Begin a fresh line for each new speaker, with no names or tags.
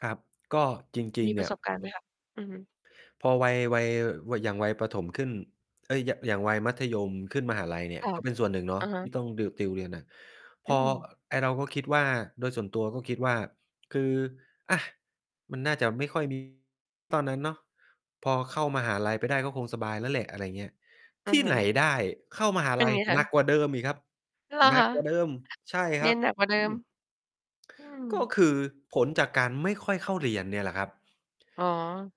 ครับ ก็จริ
ม
ง
ี
ๆ เ
ป
น
ร
ี่
ะ
ย
สบการณ์ไหมคะ? อือฮึ
พอวัย วัย ว อย่างวัยประถมขึ้น เอ๊ย อย่าง อย่างวัยมัธยมขึ้นมหาลัยเนี่
ค
ย
่ะ
ก็เป็นส่วนหนึ่งเนา
อ
ะ
ะฮะ
ที่ต้องดิว ติวเรียนหนัก พ
อื
อ อ
ม
ไอ้เราก็คิดว่า โดยส่วนตัวก็คิดว่า คือ อะ มันน่าจะไม่ค่อย มี ตอนนั้นเนาะ พอเข้ามหาลัยไปได้ก็คงสบายแล้วแหละ อะไรเงี้ย
อื
ท
อ
ี่
ฮึ
ไหนได้ เข้ามหา
เป็
ลั
น
ย
ไงค
หนั
ะ?
กกว่าเดิมอีกครับ
เหรอ
หนั
ค
ก
ะ?
กว่าเดิม! ใช่ค
เรี
รั
ย
บ
นหนักกว่าเด
อ
ิ
ื
ม
ม
อื
ก็
ม
คือผลจากการไม่ค่อยเข้าเรียนเนี่ยแหละครับ
อ๋อ